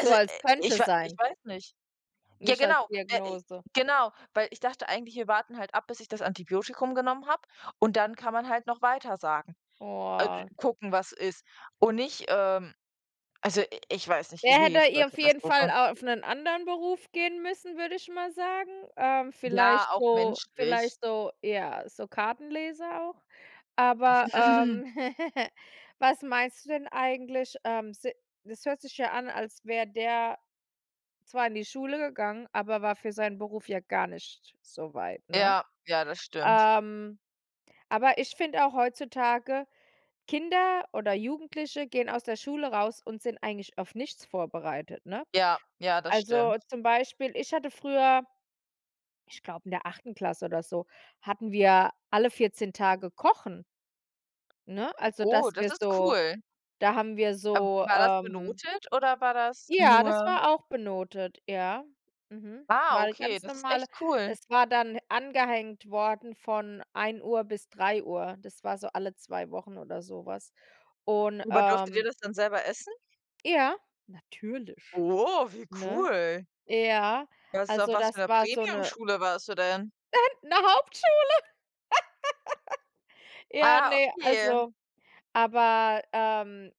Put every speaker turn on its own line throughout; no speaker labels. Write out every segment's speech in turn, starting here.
So als
äh, ich
könnte
wa ich
sein.
weiß nicht. Ja,
Nicht als
genau äh, i
Diagnose.
genau, weil ich dachte eigentlich, wir warten halt ab, bis ich das Antibiotikum genommen habe und dann kann man halt noch weitersagen. A d
Boah.
gucken, was ist. Und nicht, ähm also, i ich weiß nicht,
Der
irgendwie
hätte hier auf jeden
Vollkatastrophe.
Fall auf 'nen anderen Beruf gehen müssen, würde ich mal sagen. Ähm,
Ja,
vielleicht
auch
so
menschlich.
vielleicht so ja, so Kartenleser auch. Aber, ähm, was meinst du denn eigentlich? Ähm, se das hört sich ja an, als wäre der zwar in die Schule gegangen, aber war für seinen Beruf ja gar nicht so weit, ne?
Ja, ja, das stimmt.
Ähm, aber ich finde auch heutzutage, Kinder oder Jugendliche gehen aus der Schule raus und sind eigentlich auf nichts vorbereitet, ne?
Ja, ja,
A
das
also,
stimmt.
zum Beispiel, ich hatte früher, ich glaube in der 9. Klasse oder so, hatten wir alle 14 Tage kochen. Ne, also,
Oh,
dass
das
wir
ist
so
cool.
da haben wir
Ab
so,
war das
ähm
benotet oder war das
Ja, das
nur
war auch benotet, ja. Mhm,
Ah,
war 'ne
okay,
ganz
das ist
normale
echt cool.
es war dann angehängt worden von 13:00 bis 15:00, das war so alle 2 Wochen oder so was und,
Aber durftet ihr
ähm
das denn selber essen?
Ja, natürlich,
Oh, wie
ne?
cool.
Ja,
Was auf
also,
was für
das
'ner
war so 'ne
Premiumschule warst du denn?
'Ne Hauptschule. Ja,
Ah,
ne,
okay.
also aber, ähm,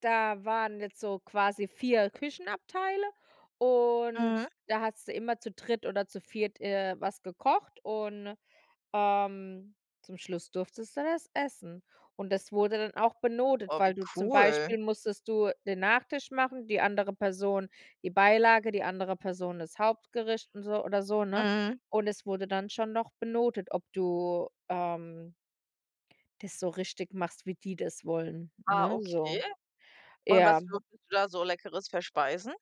da waren jetzt so quasi 4 Küchenabteile und
Mhm.
da hattest du immer zu dritt oder zu viert, äh, was gekocht und, ähm, zum Schluss durftest dann es essen. Und das wurde dann auch benotet,
Oh, wie
weil du zum
cool.
Beispiel musstest du den Nachtisch machen, die andere Person die Beilage, die andere Person das Hauptgericht und so oder so, ne?
Mhm.
Und es wurde dann schon noch benotet, ob du, ähm das so richtig machst, wie die das wollen,
Ah,
ne,
okay,
so.
und
Ja.
was durftest du da so Leckeres verspeisen?